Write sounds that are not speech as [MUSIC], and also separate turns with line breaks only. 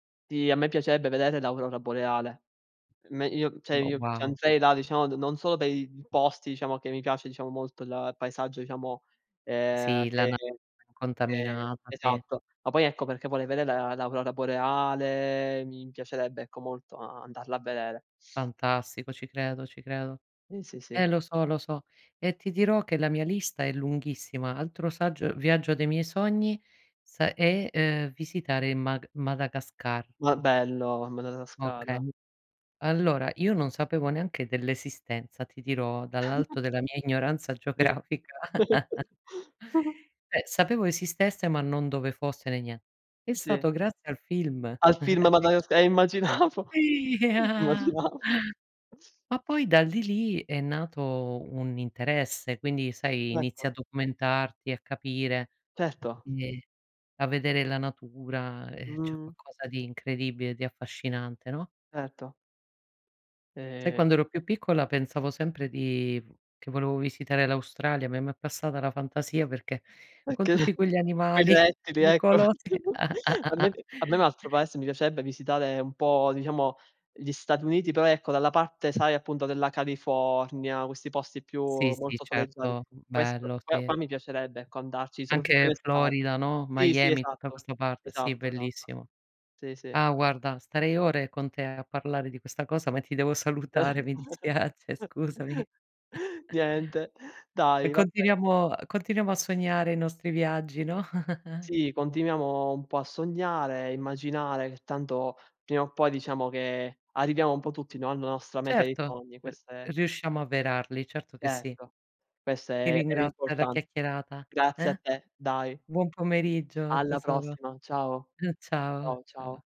Sì, a me piacerebbe vedere l'aurora boreale. Me io cioè
Ma
io
wow.
c'andrei là, diciamo d non solo per i posti, diciamo che mi piace, diciamo molto il paesaggio, diciamo, ehm,
Sì la
che
na
che
contaminata, sì.
esatto. Ma poi ecco perché vorrei vedere l'aurora boreale, mi piacerebbe ecco molto andarla a vedere.
Fantastico, ci credo, ci credo.
Sì, sì, sì.
Eh lo so, lo so. E ti dirò che la mia lista è lunghissima. Altro saggio viaggio dei miei sogni sa è, uhm, visitare il Mag Madagascar.
Ma bello, Madagascar.
Okay, allora io non sapevo neanche dell'esistenza, ti dirò,
[CHUCKLES]
dall'alto della mia ignoranza
Sì.
geografica. [CHUCKLES]
[GIGGLES]
Eh, sapevo esistesse, ma non dove fosse né nie è
Sì.
stato grazie al film.
Al film
[CHUCKLES]
Madaga
[UNINTELLIGIBLE]
eh immaginavo,
Sì. [CHUCKLES]
immaginavo.
Ma poi dal lì, lì è nato un interesse, quindi sai,
Certo.
inizia a documentarti, a capire,
Certo.
quindi, a vedere la natura, ehm, cioè è
Mhmm
qualcosa di incredibile, di affascinante, no?
Certo.
Sai
E
quando ero più piccola pensavo sempre di che volevo visitare l'Australia, me ma è passata la fantasia perché con tutti
[UNINTELLIGIBLE]
quegli
Quei
animali
rettili, ecco.
pericolosi.
[GIGGLES] A me
[CHUCKLES]
a me un altro paese mi piacerebbe visitare un po' diciamo gli Stati Uniti, però ecco dalla parte, sai appunto della California, questi posti più
Sì, sì,
molto soleggiati.
certo,
Questo
bello,
qua
sì.
qua mi piacerebbe ecco andarci soprattutto in
Anche
estate.
Florida, no.
Sì, sì,
Miami, tutta
esatto,
questa parte. Sì,
esatto, esatto.
bellissimo.
Sì, sì.
Ah guarda, starei ore con te a parlare di questa cosa, ma ti devo salutare, mi
[CHUCKLES]
dispiace, scusami. [CHUCKLES]
Niente,
E
dai, va be
continuiamo continuiamo a sognare i nostri viaggi, no? [CHUCKLES]
Sì, continuiamo un po' a sognare, immaginare, che tanto prima o poi diciamo che arriviamo un po' tutti, no, alla nostra meta dei
Certo
sogni,
r
questa è
riusciamo avverarli, certo che sì.
Certo, questo
Ti
è è
ringrazio per la
l'importan
chiacchierata.
grazie a
Eh?
te, dai.
Buon pomeriggio
Alla
tesoro.
prossima, ciao.
Mh, ciao,
Ciao,
ciao.
ciao.